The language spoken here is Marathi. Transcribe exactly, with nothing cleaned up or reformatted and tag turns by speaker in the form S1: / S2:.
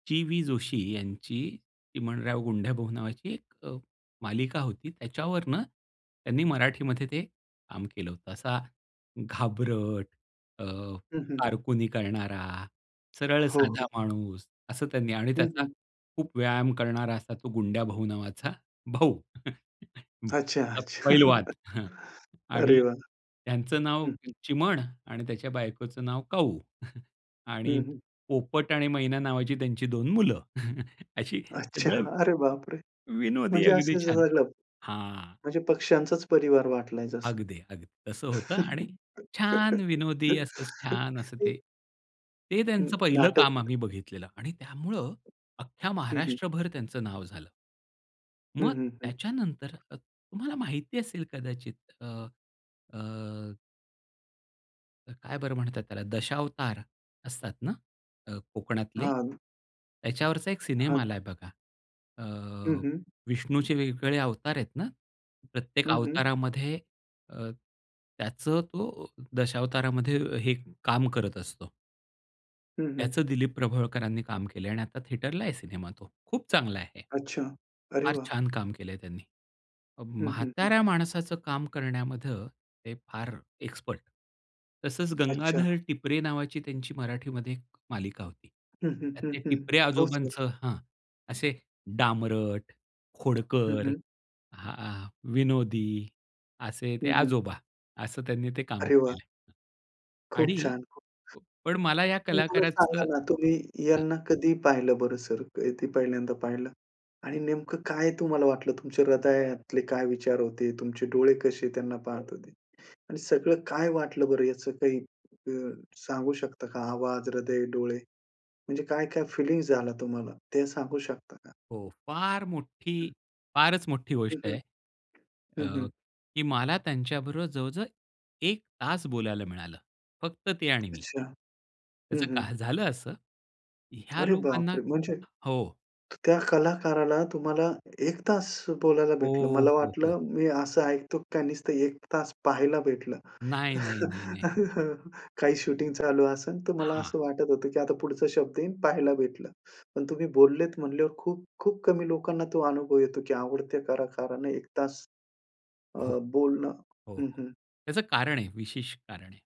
S1: चि-वी जोशी यांची चिमणराव, गुंड्याभाऊ नावाची एक अ, मालिका होती. त्याच्यावरनं त्यांनी मराठीमध्ये ते काम केलं होतं असा घाबरट अ,
S2: हं, हं.
S1: कारकुनी करणारा सरळ
S2: हो,
S1: साधा
S2: हो.
S1: माणूस असं त्यांनी आणि
S2: हं,
S1: त्याचा
S2: हं.
S1: खूप व्यायाम करणारा असा तो गुंड्याभाऊ नावाचा भाऊ.
S2: अच्छा, अच्छा.
S1: पैलवान हं, आणि
S2: अरे वाह!
S1: त्यांचं नाव
S2: हं, हं.
S1: चिमण आणि त्याच्या बायकोचं नाव काऊ.
S2: हं,
S1: आणि
S2: हं.
S1: पोपट आणि मैना नावाची त्यांची दोन मुलं अशी
S2: अच्छा.
S1: सगळं.
S2: अरे बाप रे!
S1: विनोदी
S2: म्हणजे
S1: अगदी
S2: असं
S1: छान.
S2: झालं.
S1: हां.
S2: म्हणजे पक्ष्यांचाच परिवार वाटलाय जसा.
S1: अगदी, अगदी. तसं होतं आणि छान विनोदी असंच छान असं ते. ते
S2: हं.
S1: त्यांचं पहिलं काम
S2: नाटक.
S1: आम्ही बघितलेलं. आणि त्यामुळं अख्ख्या
S2: हं, हं.
S1: महाराष्ट्रभर त्यांचं नाव झालं.
S2: हं,
S1: मग
S2: हं, हं.
S1: त्याच्यानंतर तुम्हाला माहिती असेल कदाचित अ, अ. काय बरं म्हणतात त्याला? दशावतार असतातना अ, कोकणातले.
S2: हां.
S1: त्याच्यावरचा एक सिनेमा
S2: हां.
S1: आलाय बघा. अ,
S2: हं, हं.
S1: विष्णूचे वेगवेगळे अवतार आहेत ना प्रत्येक
S2: हं, हं.
S1: अवतारामध्ये अ, त्याचं तो दशावतारामध्ये हे काम करत असतो.
S2: हं, हं.
S1: त्याचं दिलीप प्रभावळकरांनी काम केलंय आणि आता थिएटरला आहे सिनेमा तो खूप चांगला आहे.
S2: अच्छा. अरे
S1: फार
S2: वाह!
S1: छान काम केलंय त्यांनी. अ,
S2: हं, हं, हं.
S1: म्हाताऱ्या माणसाचं काम करण्यामध्ये ते फार एक्सपर्ट. तसंच
S2: अच्छा.
S1: "गंगाधर टिपरे" नावाची त्यांची मराठीमध्ये एक मालिका होती.
S2: हं, हं,
S1: त्यात
S2: हं,
S1: ते
S2: हं.
S1: टिपरे
S2: हो सर.
S1: आजोबांचं हां. असे डामरट,
S2: हं,
S1: खोडकर,
S2: हं.
S1: अ, विनोदी, असे ते
S2: हं, हं.
S1: आजोबा. असं त्यांनी ते काम
S2: अरे वाह!
S1: केलंय.
S2: खूप
S1: आणि
S2: छान खूप.
S1: पण मला या
S2: मला सांगा
S1: कलाकाराचं
S2: ना तुम्ही
S1: हां.
S2: यांना कधी पाहिलं बरं सर कधी पहिल्यांदा पाहिलं? आणि नेमकं काय तुम्हाला वाटलं तुमच्या हृदयातले काय विचार होते? तुमचे डोळे कसे त्यांना पाहत होते? आणि सगळं काय वाटलं बरं याचं काही अ, सांगू शकता का? आवाज, हृदय, डोळे. म्हणजे काय-काय फिलिंग्स झाला तुम्हाला ते सांगू शकता का?
S1: हो. फार मोठी,
S2: हं.
S1: फारच मोठी
S2: हं,
S1: गोष्ट
S2: हं.
S1: आहे.
S2: हं,
S1: अ,
S2: हं.
S1: की मला त्यांच्याबरोबर जवळ-जवळ एक तास बोलायला मिळालं. फक्त ते आणि मी.
S2: अच्छा. हं,
S1: त्याचं
S2: हं.
S1: काय झालं असं. ह्या
S2: अरे
S1: लोकांना
S2: बाप रे! म्हणजे
S1: हो.
S2: त्या कलाकाराला तुम्हाला एक तास बोलायला भेटलं.
S1: हो.
S2: मला
S1: हो. हो.
S2: वाटलं मी असं ऐकतो का नुसतं एक तास पाहायला भेटलं.
S1: नाही, नाही. नाही, नाही.
S2: काही शूटिंग चालू असेल तर मला
S1: हां.
S2: असं वाटत होतं की आता पुढचा शब्द येईन पाहायला भेटलं. पण तुम्ही बोललेत म्हणल्यावर खूप-खूप कमी लोकांना तो अनुभव येतो की आवडते कलाकाराने एक तास,
S1: हो.
S2: अ, बोलणं
S1: हो.
S2: हं, हं.
S1: त्याचं कारण आहे. विशेष कारण आहे.